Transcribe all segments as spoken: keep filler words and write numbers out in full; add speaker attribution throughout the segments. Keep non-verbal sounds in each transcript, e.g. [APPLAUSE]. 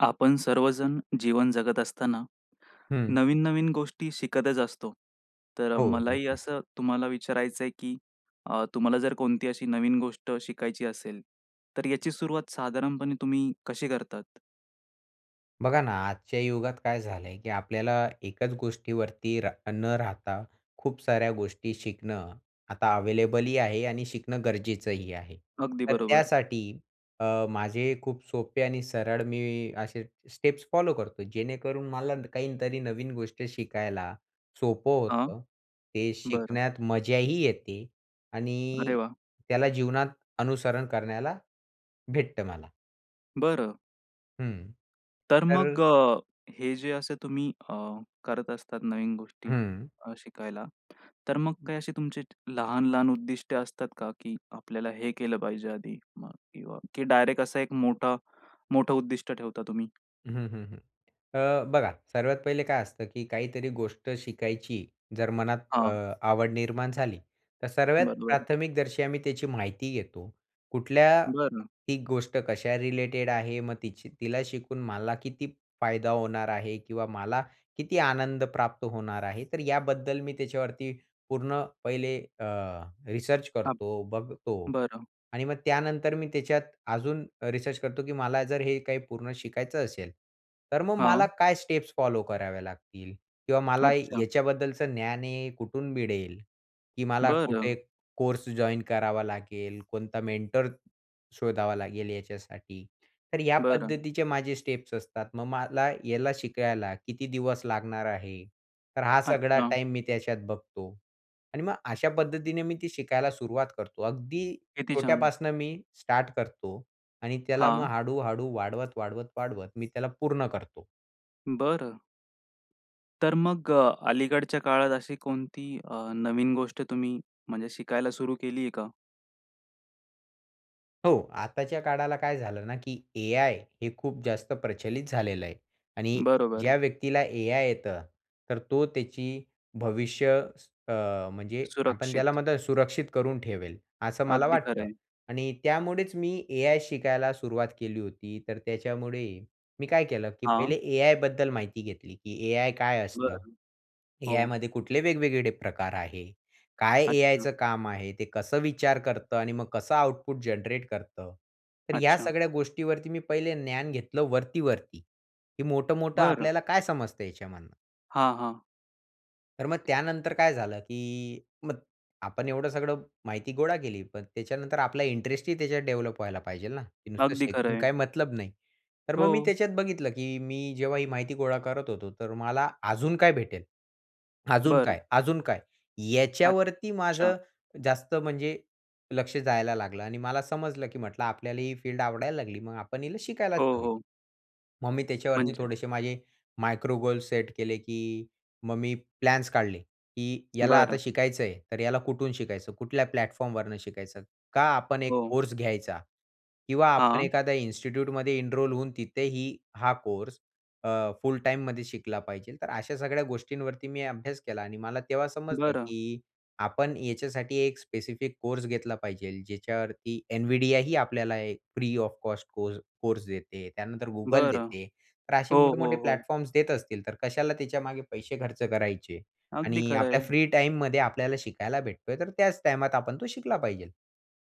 Speaker 1: आपण सर्वजण जीवन जगत असताना,
Speaker 2: हं.
Speaker 1: नवीन-नवीन गोष्टी शिकतच असतो. तर अ,
Speaker 2: हो,
Speaker 1: मलाही
Speaker 2: नक्कीच.
Speaker 1: असं तुम्हाला विचारायचंय, की अ, तुम्हाला जर कोणती अशी नवीन गोष्ट शिकायची असेल, तर याची सुरुवात साधारणपणे तुम्ही कशी करतात?
Speaker 2: बघा ना, आजच्या युगात काय झालं आहे, की आपल्याला एकच गोष्टीवरती रा न राहता, खूप साऱ्या गोष्टी शिकणं आता अव्हेलेबलही आहे आणि शिकणं गरजेचंही आहे.
Speaker 1: अगदी
Speaker 2: तर
Speaker 1: बरोबर.
Speaker 2: त्यासाठी अ, माझे खूप सोपे आणि सरळ मी असे स्टेप्स फॉलो करतो. जेणेकरून मला काहीतरी नवीन गोष्ट शिकायला सोपं
Speaker 1: हां.
Speaker 2: होतं, ते
Speaker 1: बरं.
Speaker 2: शिकण्यात मजाही येते
Speaker 1: अरे
Speaker 2: आणि
Speaker 1: वाह!
Speaker 2: त्याला जीवनात अनुसरण करण्याला भेटतं मला.
Speaker 1: बरं.
Speaker 2: हम्म.
Speaker 1: तर मग,
Speaker 2: तर
Speaker 1: अ, हे जे असे तुम्ही अ, करत असतात नवीन गोष्टी
Speaker 2: हम्म.
Speaker 1: अ, शिकायला, तर मग काही अशी तुमची लहान-लहान उद्दिष्ट असतात का, की आपल्याला हे केलं पाहिजे आधी मग किंवा की डायरेक्ट असं एक मोठं, मोठं उद्दिष्ट ठेवता तुम्ही?
Speaker 2: हं, हं, हं. अ, बघा, सर्वात पहिले काय असतं की काहीतरी गोष्ट शिकायची जर मनात अ,
Speaker 1: हां
Speaker 2: आवड निर्माण झाली तर सर्वात
Speaker 1: बरोबर.
Speaker 2: प्राथमिकदर्शी आम्ही त्याची माहिती घेतो. कुठल्या
Speaker 1: बरं.
Speaker 2: ही गोष्ट कशा रिलेटेड आहे, मग तिच तिला शिकून मला किती फायदा होणार आहे किंवा मला किती आनंद प्राप्त होणार आहे. तर याबद्दल मी त्याच्यावरती पूर्ण पहिले अ, रिसर्च
Speaker 1: हां.
Speaker 2: करतो, बघतो.
Speaker 1: बरं.
Speaker 2: आणि मग त्यानंतर मी त्याच्यात अजून रिसर्च करतो की मला जर हे काही पूर्ण शिकायचं असेल, तर मग मला
Speaker 1: हां.
Speaker 2: काय स्टेप्स फॉलो कराव्या लागतील किंवा मला
Speaker 1: अच्छा.
Speaker 2: याच्याबद्दलचं ज्ञान आहे कुठून मिळेल. की मला कुठे
Speaker 1: बरं.
Speaker 2: कोर्स जॉइन करावा लागेल, कोणता मेंटर शोधावा लागेल याच्यासाठी. तर या
Speaker 1: बरं.
Speaker 2: पद्धतीचे माझे स्टेप्स असतात. मग मला याला शिकायला किती दिवस लागणार आहे. तर हा सगळा
Speaker 1: अच्छा.
Speaker 2: टाईम मी त्याच्यात बघतो. आणि मग अशा पद्धतीने मी ती शिकायला सुरुवात करतो. अगदी
Speaker 1: किती छान.
Speaker 2: छोट्यापासनं मी स्टार्ट करतो आणि त्याला मग
Speaker 1: हां.
Speaker 2: हळू-हळू वाढवत, वाढवत, वाढवत, मी त्याला पूर्ण करतो.
Speaker 1: बरं. तर मग अ, अलीकडच्या काळात अशी कोणती अ, नवीन गोष्ट तुम्ही म्हणजे शिकायला सुरू केली आहे का?
Speaker 2: हो. आताच्या काळाला काय झालं ना, की एआय हे खूप जास्त प्रचलित झालेलं आहे आणि
Speaker 1: बरोबर.
Speaker 2: ज्या व्यक्तीला एआय येतं, तर तो त्याची भविष्य अ, म्हणजे आपण त्याला
Speaker 1: सुरक्षित.
Speaker 2: मात्र सुरक्षित करून ठेवेल, असं मला
Speaker 1: अगदी खरं
Speaker 2: वाटतं
Speaker 1: आहे.
Speaker 2: आणि त्यामुळेच मी एआय शिकायला सुरुवात केली होती तर त्याच्यामुळे, मी काय केलं, की पहिले
Speaker 1: हां.
Speaker 2: एआय बद्दल माहिती घेतली, की एआय काय असतं?
Speaker 1: बरं, हो.
Speaker 2: एआयमध्ये कुठले वेगवेगळे प्रकार आहे? काय एआयच
Speaker 1: अच्छा.
Speaker 2: काम आहे? ते कसं विचार करतं? आणि मग कसं आउटपुट जनरेट करतं? तर या
Speaker 1: अच्छा.
Speaker 2: सगळ्या गोष्टीवरती मी पहिले ज्ञान घेतलं वरती, वरती, हे मोठं-मोठं
Speaker 1: बरं.
Speaker 2: आपल्याला काय समजत याच्यामधनं?
Speaker 1: हां, हां
Speaker 2: तर मग त्यानंतर काय झालं, की मग आपण एवढं सगळं माहिती गोळा केली पण त्याच्यानंतर आपला इंटरेस्ट ही त्याच्यात डेव्हलप व्हायला पाहिजे ना? ते नुसतं
Speaker 1: अगदी खरं
Speaker 2: शिकून
Speaker 1: आहे.
Speaker 2: काही मतलब नाही. तर मग मी
Speaker 1: हो.
Speaker 2: त्याच्यात बघितलं, की मी जेव्हा ही माहिती गोळा करत होतो तर मला अजून काय भेटेल? अजून
Speaker 1: बरं.
Speaker 2: काय? अजून काय? याच्यावरती
Speaker 1: अच्छा.
Speaker 2: माझं जास्त म्हणजे लक्ष जायला लागलं आणि मला समजलं, की म्हटलं आपल्याला ही फील्ड आवडायला लागली. मग आपण हिला शिकायलाच
Speaker 1: हो,
Speaker 2: हवी.
Speaker 1: हो.
Speaker 2: मग मी त्याच्यावरती
Speaker 1: म्हणजे?
Speaker 2: थोडेसे माझे मायक्रो गोल सेट केले, की मग मी प्लॅन्स काढले, की याला आता
Speaker 1: बरं.
Speaker 2: शिकायचं आहे, तर याला कुठून शिकायचं? कुठल्या प्लॅटफॉर्म वरून शिकायचं? का आपण एक
Speaker 1: हो.
Speaker 2: कोर्स घ्यायचा? किंवा आपण
Speaker 1: हां.
Speaker 2: एखाद्या इन्स्टिट्यूटमध्ये एनरोल होऊन तिथेही हा कोर्स, अ, फुल टाईममध्ये शिकला पाहिजे? तर अशा सगळ्या गोष्टींवरती मी अभ्यास केला आणि मला तेव्हा समजलं,
Speaker 1: बरं.
Speaker 2: की आपण याच्यासाठी एक स्पेसिफिक कोर्स घेतला पाहिजे ज्याच्यावरती NVIDIA ही आपल्याला free of cost course course देते. त्यानंतर Google
Speaker 1: बरं.
Speaker 2: देते. तर असे
Speaker 1: हो,
Speaker 2: मोठे-मोठे
Speaker 1: हो, हो.
Speaker 2: प्लॅटफॉर्म्स देत असतील तर कशाला त्याच्यामागे पैसे खर्च करायचे?
Speaker 1: अगदी
Speaker 2: आणि
Speaker 1: खरं
Speaker 2: आपल्या
Speaker 1: आहे.
Speaker 2: फ्री टाईममध्ये आपल्याला शिकायला भेटतोय तर त्याच टाईमात आपण तो शिकला पाहिजे.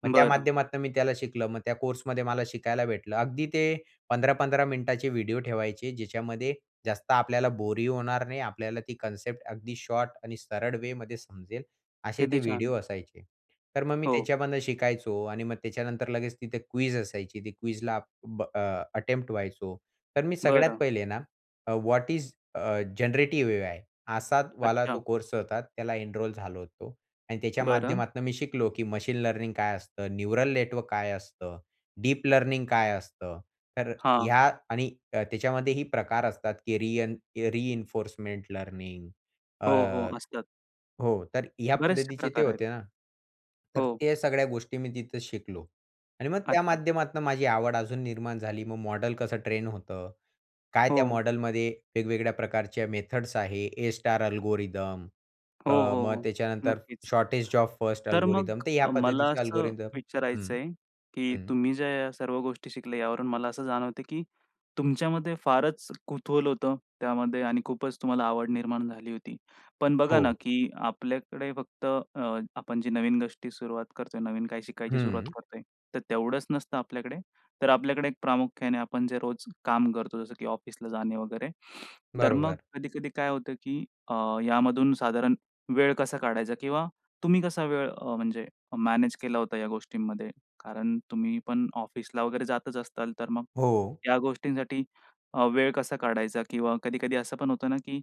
Speaker 2: मग त्या
Speaker 1: बरं.
Speaker 2: माध्यमातून मी त्याला शिकलं. मग त्या कोर्समध्ये मला शिकायला भेटलं. अगदी ते पंधरा पंधरा मिनिटाचे व्हिडिओ ठेवायचे, ज्याच्यामध्ये जास्त आपल्याला बोरही होणार नाही. आपल्याला ती कॉन्सेप्ट अगदी शॉर्ट आणि सरळ वे मध्ये समजेल असे
Speaker 1: किती
Speaker 2: ते
Speaker 1: छान!
Speaker 2: व्हिडिओ असायचे. तर मग मी
Speaker 1: हो.
Speaker 2: त्याच्यामधून शिकायचो आणि मग त्याच्यानंतर लगेच तिथे क्विज असायची ती क्विज ला ब अ, अटेम्प्ट व्हायचो. तर मी सगळ्यात
Speaker 1: बरं.
Speaker 2: पहिले ना, अ, what is uh generative AI? असा वाला तो
Speaker 1: अच्छा.
Speaker 2: कोर्स होता, त्याला एनरोल झालो होतो आणि त्याच्या
Speaker 1: बरं.
Speaker 2: माध्यमातून मी शिकलो, की मशीन लर्निंग काय? असतं न्यूरल नेटवर्क काय असतं? डीप लर्निंग काय असतं? तर
Speaker 1: हां.
Speaker 2: ह्या आणि अ, त्याच्यामध्ये ही प्रकार असतात, की रियन रिइन्फोर्समेंट लर्निंग
Speaker 1: हो, हो,
Speaker 2: अ
Speaker 1: असतात.
Speaker 2: हो, तर ह्या
Speaker 1: बरेचसे
Speaker 2: पद्धतीचे ते
Speaker 1: प्रकार
Speaker 2: होते
Speaker 1: आहेत.
Speaker 2: ना. तर
Speaker 1: हो.
Speaker 2: त्या सगळ्या गोष्टी मी तिथे शिकलो आणि मग त्या
Speaker 1: अच्छा.
Speaker 2: माध्यमातून माझी आवड अजून निर्माण झाली. मग मॉडेल कसं ट्रेन होतं? काय त्या
Speaker 1: हो.
Speaker 2: मॉडेलमध्ये वेगवेगळ्या प्रकारचे मेथड्स आहे? ए स्टार अल्गोरिदम
Speaker 1: हो,
Speaker 2: अ,
Speaker 1: हो,
Speaker 2: मग
Speaker 1: हो,
Speaker 2: त्याच्यानंतर
Speaker 1: नक्कीच.
Speaker 2: शॉर्टेज ओफ फर्स्ट
Speaker 1: तर मग
Speaker 2: अल्गोरिदम तर या
Speaker 1: मला
Speaker 2: पद्धतीचे
Speaker 1: असं
Speaker 2: अल्गोरिदम हं,
Speaker 1: विचारायचंय, की
Speaker 2: हं.
Speaker 1: तुम्ही ज्या सर्व गोष्टी शिकल्या यावरून मला असं जाणवतं, की तुमच्यामध्ये फारच कुतूहल होतं त्यामध्ये आणि खूपच तुम्हाला आवड निर्माण झाली होती. पण बघा ना,
Speaker 2: हो.
Speaker 1: की आपल्याकडे फक्त अ, आपण जी नवीन गोष्टी सुरुवात करतोय, नवीन काय शिकायची सुरुवात
Speaker 2: हं.
Speaker 1: करतोय तर तेवढंच नसतं आपल्याकडे तर आपल्याकडे एक प्रामुख्याने आपण जे रोज काम करतो जसं, की ऑफिसला जाणे वगैरे. [INHALES] तर मग
Speaker 2: बरोबर.
Speaker 1: कधी-कधी काय होतं, की अ, यामधून साधारण वेळ कसा काढायचा? किंवा तुम्ही कसा वेळ अ, म्हणजे मॅनेज केला होता या गोष्टींमध्ये? कारण तुम्ही पण ऑफिसला वगैरे जातच असताल तर मग
Speaker 2: हो.
Speaker 1: ह्या गोष्टींसाठी अ, वेळ कसा काढायचा? किंवा कधी-कधी असं पण होतं ना, की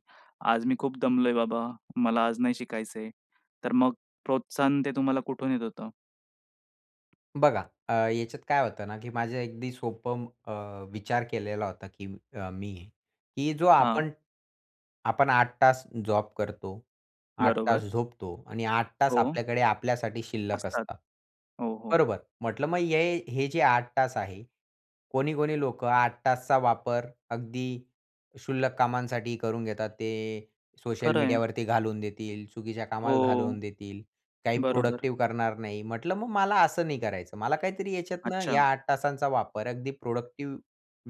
Speaker 1: आज मी खूप दमलोय बाबा मला आज नाही शिकायचंय. तर मग प्रोत्साहन ते तुम्हाला कुठून येत होतं?
Speaker 2: बघा, अ, याच्यात काय होतं ना, की माझं अगदी सोपं अ, विचार केलेला होता की अ, मी की जो
Speaker 1: हां.
Speaker 2: आपण आपण आठ तास जॉब करतो, आठ तास
Speaker 1: बरोबर.
Speaker 2: झोपतो, आणि आठ तास
Speaker 1: हो.
Speaker 2: आपल्याकडे आपल्यासाठी शिल्लक
Speaker 1: असतात.
Speaker 2: असतात.
Speaker 1: हो, हो.
Speaker 2: बरोबर? म्हटलं मग हे हे जे आठ तास आहे, कोणी-कोणी लोकं आठ तासचा वापर अगदी शुल्लक कामांसाठी करून घेतात ते, सोशल
Speaker 1: खरं आहे.
Speaker 2: मीडियावरती घालवून देतील, चुकीच्या कामात
Speaker 1: हो,
Speaker 2: घालवून देतील, काही
Speaker 1: बरोबर.
Speaker 2: प्रोडक्टिव्ह करणार नाही, म्हटलं मग मला असं नाही करायचं. मला काहीतरी याच्यातनं या
Speaker 1: अच्छा.
Speaker 2: आठ तासांचा वापर अगदी प्रोडक्टिव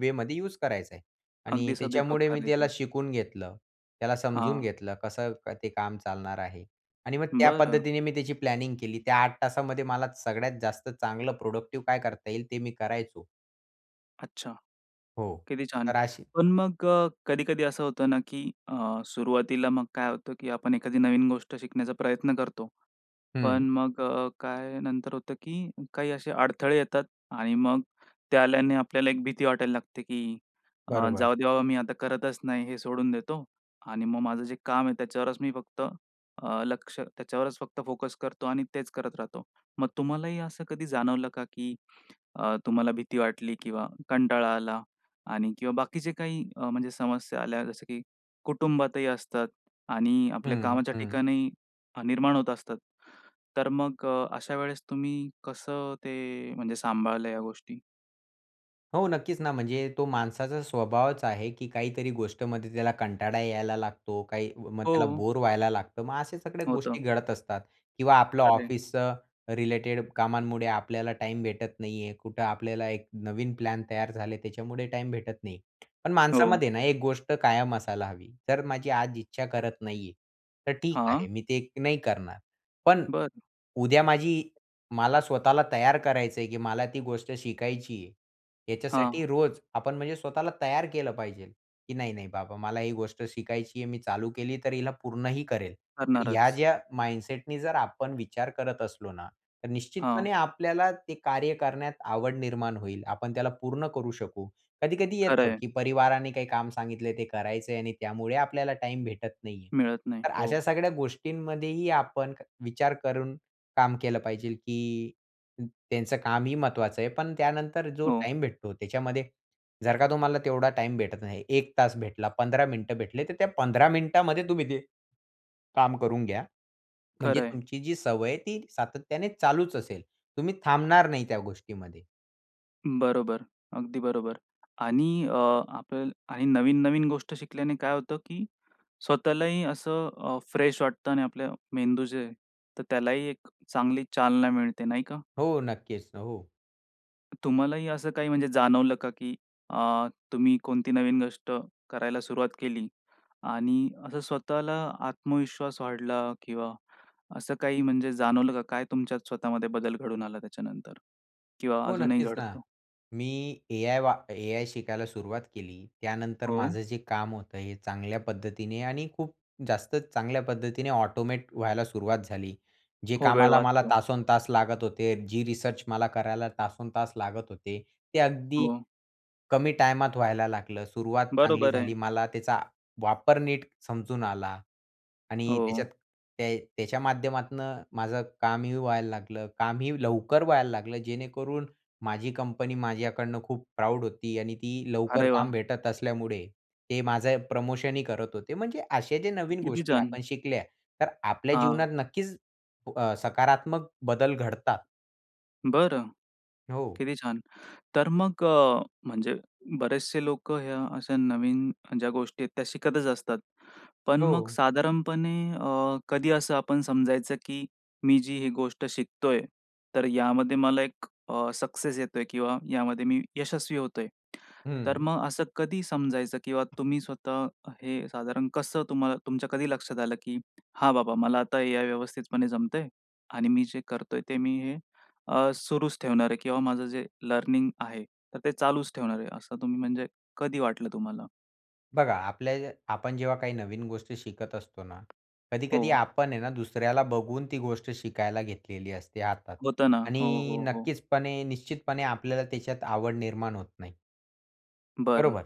Speaker 2: वेमध्ये यूज करायचा आहे आणि
Speaker 1: अगदी सदुपयोग
Speaker 2: त्याच्यामुळे मी त्याला
Speaker 1: करायचे.
Speaker 2: शिकून घेतलं. त्याला समजून
Speaker 1: हां.
Speaker 2: घेतलं, कसं ते काम चालणार आहे आणि मग त्या
Speaker 1: बरं.
Speaker 2: पद्धतीने मी त्याची प्लॅनिंग केली, त्या आठ तासामध्ये मला सगळ्यात जास्त चांगलं प्रोडक्टिव्ह काय करता येईल ते मी करायचो.
Speaker 1: अच्छा!
Speaker 2: हो,
Speaker 1: किती छान!
Speaker 2: तर अशी
Speaker 1: पण मग अ, कधी-कधी असं होतं ना, की अ, सुरुवातीला मग काय होतं की आपण एखादी नवीन गोष्ट शिकण्याचा प्रयत्न करतो.
Speaker 2: हं.
Speaker 1: पण मग अ, काय नंतर होतं, की काही असे अडथळे येतात आणि मग ते आल्याने आपल्याला एक भीती वाटायला लागते, की अ,
Speaker 2: बरोबर.
Speaker 1: जाऊदे बाबा मी आता करतच नाही, हे सोडून देतो आणि मग माझं जे काम आहे त्याच्यावरच मी फक्त, अ, लक्ष, त्याच्यावरच फक्त फोकस करतो आणि तेच करत राहतो. मग तुम्हालाही असं कधी जाणवलं का, की अ, तुम्हाला भीती वाटली, किंवा कंटाळा आला आणि किंवा बाकीचे काही अ, म्हणजे समस्या आल्या, जसं की कुटुंबातही असतात आणि आपल्या
Speaker 2: हं,
Speaker 1: कामाच्या
Speaker 2: हं.
Speaker 1: ठिकाणी निर्माण होत असतात. तर मग अ, अशा वेळेस तुम्ही कसं ते म्हणजे सांभाळल्या या गोष्टी?
Speaker 2: हो. नक्कीच ना, म्हणजे तो माणसाचा स्वभावच आहे की काहीतरी गोष्टीमध्ये त्याला कंटाळा यायला लागतो. काही मग त्याला
Speaker 1: हो.
Speaker 2: बोर व्हायला लागतं. मग अशा सगळ्या
Speaker 1: होतं.
Speaker 2: गोष्टी घडत असतात किंवा आपलं
Speaker 1: खरं आहे.
Speaker 2: ऑफिस अ, रिलेटेड कामांमुळे आपल्याला टाईम भेटत नाही आहे. कुठं आपल्याला एक नवीन प्लॅन तयार झाले, त्याच्यामुळे टाईम भेटत नाही. पण
Speaker 1: हो.
Speaker 2: माणसामध्ये ना, एक गोष्ट कायम असायला हवी, "तर माझी आज इच्छा करत नाही आहे. तर ठीक आहे
Speaker 1: हां.
Speaker 2: मी ते नाही करणार. पण
Speaker 1: बरं.
Speaker 2: उद्या माझी मला स्वतःला तयार करायचं आहे की मला ती गोष्ट शिकायची आहे."
Speaker 1: हां.
Speaker 2: याच्यासाठी रोज आपण म्हणजे स्वतःला तयार केलं पाहिजे, की "नाही-नाही बाबा मला ही गोष्ट शिकायची आहे. मी चालू केली तर हिला पूर्ण ही करेल." ह्या
Speaker 1: करणारच.
Speaker 2: ज्या माइंडसेटनी जर आपण विचार करत असलो ना, तर
Speaker 1: हां.
Speaker 2: निश्चितपणे आपल्याला ते कार्य करण्यात आवड निर्माण होईल. आपण त्याला पूर्ण करू शकू. कधी-कधी
Speaker 1: खरं
Speaker 2: येतं,
Speaker 1: आहे.
Speaker 2: की परिवाराने काही काम सांगितलंय ते करायचं आहे आणि त्यामुळे आपल्याला टाईम भेटत नाही आहे.
Speaker 1: मिळत नाही.
Speaker 2: तर
Speaker 1: हो.
Speaker 2: अशा सगळ्या गोष्टींमध्येही आपण विचार करून काम केलं पाहिजे, की त्यांचं कामही महत्वाचं आहे. पण त्यानंतर जो
Speaker 1: हो.
Speaker 2: टाईम भेटतो, त्याच्यामध्ये जर का तुम्हाला तेवढा टाईम भेटत नाही. एक तास भेटला, पंधरा मिनिटं भेटले, तर त्या पंधरा मिनिटामध्ये तुम्ही [HICCUPS] ते काम करून घ्या. म्हणजे
Speaker 1: खरं आहे.
Speaker 2: तुमची जी सवय आहे ती सातत्याने चालूच असेल. तुम्ही थांबणार नाही त्या गोष्टीमध्ये.
Speaker 1: बरोबर, अगदी बरोबर आणि अ, आपण आणि नवीन-नवीन गोष्ट शिकल्याने काय होतं, की स्वतःलाही असं अ, फ्रेश वाटतं आणि आपलं मेंदू जे आहे तर त्यालाही एक चांगली चालना मिळते. नाही का?
Speaker 2: हो, नक्कीच, हो.
Speaker 1: तुम्हालाही असं काही म्हणजे जाणवलं का? की अ, तुम्ही कोणती नवीन गोष्ट करायला सुरुवात केली आणि असं स्वतःला आत्मविश्वास वाढला? किंवा असं काही म्हणजे जाणवलं का? काय तुमच्यात स्वतःमध्ये बदल घडून आला त्याच्यानंतर? किंवा
Speaker 2: हो,
Speaker 1: अजूनही
Speaker 2: नक्कीच ना.
Speaker 1: घडतो?
Speaker 2: मी एआय वा एआय शिकायला सुरुवात केली. त्यानंतर
Speaker 1: हो.
Speaker 2: माझं जे काम होत आहे, हे चांगल्या पद्धतीने आणि खूप जास्त चांगल्या पद्धतीने ऑटोमेट व्हायला सुरुवात झाली. जे
Speaker 1: हो, वेळ
Speaker 2: कामाला मला
Speaker 1: वाचतो.
Speaker 2: तासनतास लागत होते. जी रिसर्च मला करायला तासनतास लागत होते, ते अगदी
Speaker 1: हो.
Speaker 2: कमी टायमात व्हायला लागलं. सुरुवात चांगली
Speaker 1: बरोबर आहे.
Speaker 2: झाली. मला त्याचा वापर नीट समजून आला आणि
Speaker 1: हो.
Speaker 2: त्याच्यात ते त्याच्या माध्यमातनं माझं कामही व्हायला लागलं. कामही लवकर व्हायला लागलं. जेणेकरून माझी कंपनी माझ्याकडनं खूप प्राउड होती आणि ती लवकर
Speaker 1: अरे
Speaker 2: काम
Speaker 1: वाह!
Speaker 2: भेटत असल्यामुळे, ते माझं प्रमोशनही करत होते. म्हणजे असे जे नवीन
Speaker 1: किती
Speaker 2: गोष्टी
Speaker 1: जण?
Speaker 2: आपण शिकल्या. तर आपल्या
Speaker 1: हां.
Speaker 2: जीवनात नक्कीच अ, सकारात्मक बदल घडता.
Speaker 1: बरं.
Speaker 2: हो.
Speaker 1: किती छान! तर मग अ, म्हणजे बरेचसे लोकं ह्या अशा नवीन ज्या गोष्टी आहेत त्या शिकतच असतात. पण मग
Speaker 2: हो.
Speaker 1: साधारणपणे अ, कधी असं आपण समजायचं, की मी जी ही गोष्ट शिकतोय, तर यामध्ये मला एक अ, सक्सेस येतोय किंवा यामध्ये मी यशस्वी होतोय? तर
Speaker 2: हं.
Speaker 1: मग असं कधी समजायचं किंवा तुम्ही स्वतः हे साधारण कसं तुम्हाल तुमच्या कधी लक्षात आलं की "हां, बाबा मला आता या व्यवस्थितपणे जमतंय आणि मी जे करतोय ते मी हे अ, सुरूच ठेवणार आहे किंवा माझं जे लर्निंग आहे तर ते चालूच ठेवणार आहे." असं तुम्ही म्हणजे कधी वाटलं तुम्हाला?
Speaker 2: बघा आपल्या आपण जेव्हा काही नवीन गोष्टी शिकत असतो ना, कधी-कधी
Speaker 1: हो.
Speaker 2: आपण आहे ना दुसऱ्याला बघून ती गोष्ट शिकायला घेतलेली असते हातात
Speaker 1: होतं ना. हो,
Speaker 2: आणि
Speaker 1: हो, हो.
Speaker 2: नक्कीचपणे निश्चितपणे आपल्याला त्याच्यात आवड निर्माण होत नाही
Speaker 1: बरं.
Speaker 2: बरोबर?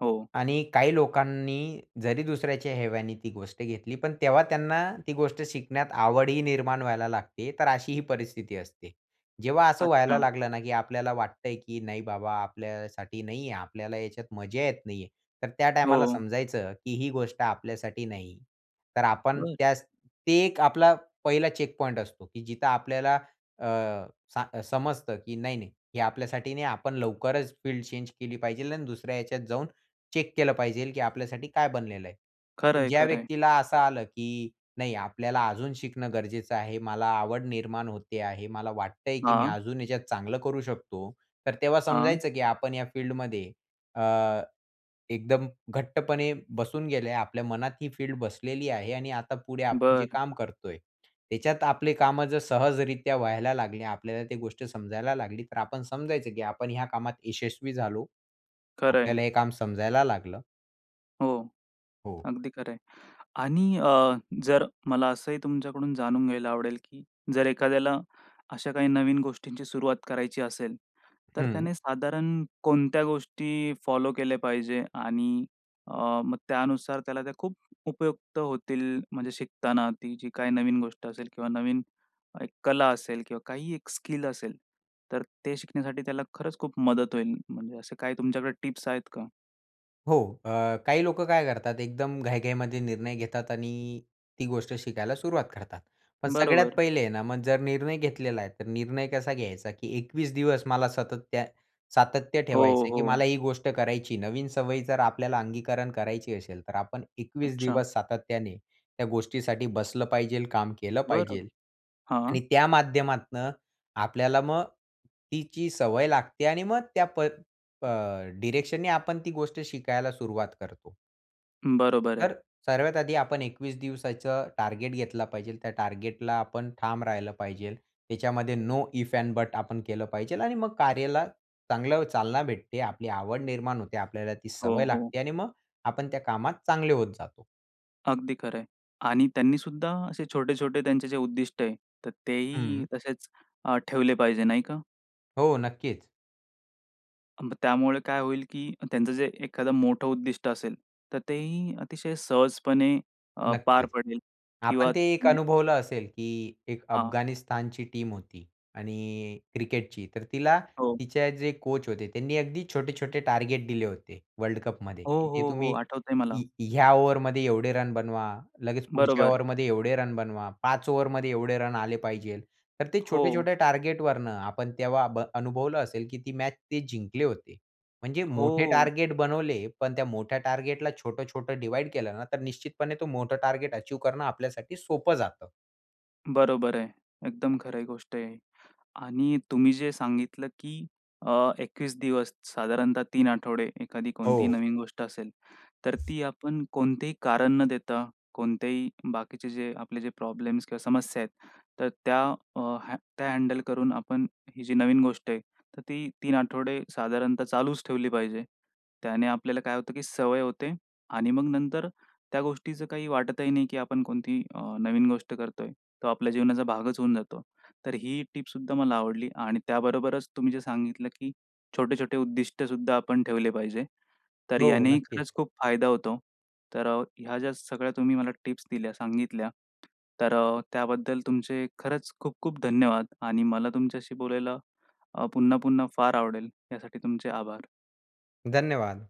Speaker 1: हो.
Speaker 2: आणि काही लोकांनी जरी दुसऱ्याच्या हेव्याने ती गोष्ट घेतली पण तेव्हा त्यांना ती गोष्ट शिकण्यात आवडही निर्माण व्हायला लागते. तर अशीही परिस्थिती असते. जेव्हा असं व्हायला
Speaker 1: अच्छा.
Speaker 2: लागलं ना की आपल्याला वाटतंय, की नाही बाबा आपल्यासाठी नाहीये, आपल्याला ह्याच्यात मजा येत नाहीये, तर त्या टाईमाला
Speaker 1: हो.
Speaker 2: समजायचं की ही गोष्ट आपल्यासाठी नाही. तर आपण
Speaker 1: बरं.
Speaker 2: त्यास ते एक आपला पहिला चेकपॉइंट असतो, की जिथं आपल्याला अ, सा अ, समजतं की "नाही-नाही हे आपल्यासाठी नाही आपण लवकरच फील्ड चेंज केली पाहिजे आणि दुसऱ्या ह्याच्यात जाऊन चेक केलं पाहिजे की आपल्यासाठी काय बनलेलं आहे."
Speaker 1: खरं
Speaker 2: पण
Speaker 1: आहे,
Speaker 2: ज्या
Speaker 1: खरं आहे.
Speaker 2: व्यक्तीला असं आलं की नाही आपल्याला अजून शिकणं गरजेचं आहे, मला आवड निर्माण होते आहे, मला वाटतय की मी
Speaker 1: हां.
Speaker 2: अजून याच्यात चांगलं करू शकतो, तर तेव्हा
Speaker 1: हां.
Speaker 2: समजायचं की आपण या फील्डमध्ये अ, एकदम घट्टपणे बसून गेलंय. आपल्या मनात ही फील्ड बसलेली आहे आणि आता पुढे आपण जे
Speaker 1: बरं.
Speaker 2: काम करतोय त्याच्यात आपले कामं जर सहजरित्या व्हायला लागले, आपल्याला ती गोष्ट समजायला लागली, तर आपण समजायचं, की आपण ह्या कामात यशस्वी झालो.
Speaker 1: खरं आहे,.
Speaker 2: आपल्याला हे काम समजायला लागलं.
Speaker 1: हो,
Speaker 2: हो.
Speaker 1: अगदी खरं आहे. आणि अ, जर मला असंही तुमच्याकडून जाणून घ्यायला आवडेल, की जर एखाद्याला अशा काही नवीन गोष्टींची सुरुवात करायची असेल, तर
Speaker 2: हं.
Speaker 1: त्याने साधारण कोणत्या गोष्टी फॉलो केल्या पाहिजे? आणि अ, मग त्यानुसार त्याला त्या खूप उपयुक्त होतील म्हणजे शिकताना ती जी काही नवीन गोष्ट असेल किंवा नवीन एक कला असेल किंवा काहीही एक स्किल असेल. तर ते शिकण्यासाठी त्याला खरंच खूप मदत होईल. म्हणजे असे काही तुमच्याकडे टिप्स आहेत का?
Speaker 2: हो. अ, काही लोकं काय करतात? एकदम घाईघाईमध्ये निर्णय घेतात आणि ती गोष्ट शिकायला सुरुवात करतात. पण सगळ्यात
Speaker 1: बरोबर.
Speaker 2: पहिले आहे ना, मग जर निर्णय घेतलेला आहे, तर निर्णय कसा घ्यायचा? की एकवीस दिवस मला सतत त्यात सातत्य
Speaker 1: हो,
Speaker 2: ठेवायचं आहे, की
Speaker 1: हो.
Speaker 2: मला ही गोष्ट करायची. नवीन सवयी जर आपल्याला अंगीकरण करायची असेल, तर आपण एकवीस
Speaker 1: अच्छा.
Speaker 2: दिवस सातत्याने त्या गोष्टीसाठी बसलं पाहिजे काम केलं
Speaker 1: बरं.
Speaker 2: पाहिजे.
Speaker 1: हां.
Speaker 2: आणि त्या माध्यमातनं आपल्याला मग तिची सवय लागते आणि मग त्या पद अ, डिरेक्शननी आपण ती गोष्ट शिकायला सुरुवात करतो.
Speaker 1: बरोबर आहे.
Speaker 2: तर, सर्वात आधी आपण एकवीस दिवसाचं टार्गेट घेतला पाहिजे त्या टार्गेटला आपण ठाम राहिलं पाहिजे त्याच्यामध्ये नो इफ एंड बट आपण केलं पाहिजे आणि मग कार्याला चांगलं चालना भेटते. आपली आवड निर्माण होते, आपल्याला ती
Speaker 1: हो,
Speaker 2: सवय
Speaker 1: हो.
Speaker 2: लागते आणि मग आपण त्या कामात चांगले होत जातो.
Speaker 1: अगदी खरं आहे. आणि त्यांनी सुद्धा असे छोटे-छोटे त्यांचे जे उद्दिष्ट आहे, तर तेही
Speaker 2: हं.
Speaker 1: तसेच अ, ठेवले पाहिजे, नाही का?
Speaker 2: हो, नक्कीच.
Speaker 1: अ, मग त्यामुळे काय होईल, की त्यांचं जे एखादा मोठं उद्दिष्ट असेल, तर तेही अतिशय अ, सहजपणे अ पार
Speaker 2: नक्कीच.
Speaker 1: पडेल
Speaker 2: आपण
Speaker 1: किंवा
Speaker 2: ते एक
Speaker 1: [UNINTELLIGIBLE]
Speaker 2: अनुभवलं असेल, की एक
Speaker 1: हां.
Speaker 2: अफगाणिस्तानची टीम होती आणि क्रिकेटची. तर तिला
Speaker 1: हो.
Speaker 2: तिचे जे कोच होते, त्यांनी अगदी छोटे-छोटे टार्गेट दिले, होते वर्ल्ड कपमध्ये.
Speaker 1: हो,
Speaker 2: तिथे
Speaker 1: हो, हो.
Speaker 2: तुम्ही
Speaker 1: आठवतंय मला.
Speaker 2: य या ओव्हरमध्ये एवढे रन बनवा, लगेच पुढच्या
Speaker 1: बरोबर.
Speaker 2: ओव्हरमध्ये एवढे रन बनवा, पाच ओव्हरमध्ये एवढे रन आले पाहिजे तर ते
Speaker 1: हो.
Speaker 2: छोटे-छोटे टार्गेटवरुन आपण तेव्हा भ अनुभवलं असेल, की ती मॅच ते जिंकले होते. म्हणजे मोठे
Speaker 1: हो.
Speaker 2: टार्गेट बनवले, पण त्या मोठ्या टार्गेटला छोटं-छोटं डिव्हाईड केलं ना, तर निश्चितपणे तो मोठा टार्गेट अचीव्ह करणं आपल्यासाठी सोपं जातं.
Speaker 1: बरोबर आहे. एकदम खरं आहे गोष्ट आहे. आणि तुम्ही जे सांगितलं की, अ, एकवीस दिवस, साधारणतः तीन आठवडे एखादी कोणतीही
Speaker 2: हो.
Speaker 1: नवीन गोष्ट असेल तर ती आपण कोणतेही कारण न देता, कोणत्याही बाकीचे जे, आपले जे प्रॉब्लेम्स किंवा समस्या आहेत, तर त्या हँ त्या हँडल करून आपण ही जी नवीन गोष्ट आहे, तर ती तीन आठवडे साधारणतः चालूच ठेवली पाहिजे. त्याने आपल्याला काय होतं, की सवय होते, आणि मग नंतर त्या गोष्टीचं काही वाटतही नाही, की आपण कोणती आह, नवीन गोष्ट करतोय. तो आपल्या जीवनाचा भागच होऊन जातो. तर ही टिप सुद्धा मला आवडली, आणि त्याबरोबरच तुम्ही जे सांगितलं, की छोटे-छोटे उद्दिष्ट सुद्धा आपण ठेवले पाहिजे. तर
Speaker 2: हो,
Speaker 1: यानेही
Speaker 2: नक्कीच.
Speaker 1: खरंच खूप फायदा होतो. तर ह्या ज्या सगळ्या तुम्ही मला टिप्स दिल्या, सांगितल्या तर त्याबद्दल तुमचे खरंच खूप-खूप धन्यवाद आणि मला तुमच्याशी बोलायला अ, पुन्हा-पुन्हा फार आवडेल. यासाठी तुमचे आभार.
Speaker 2: धन्यवाद.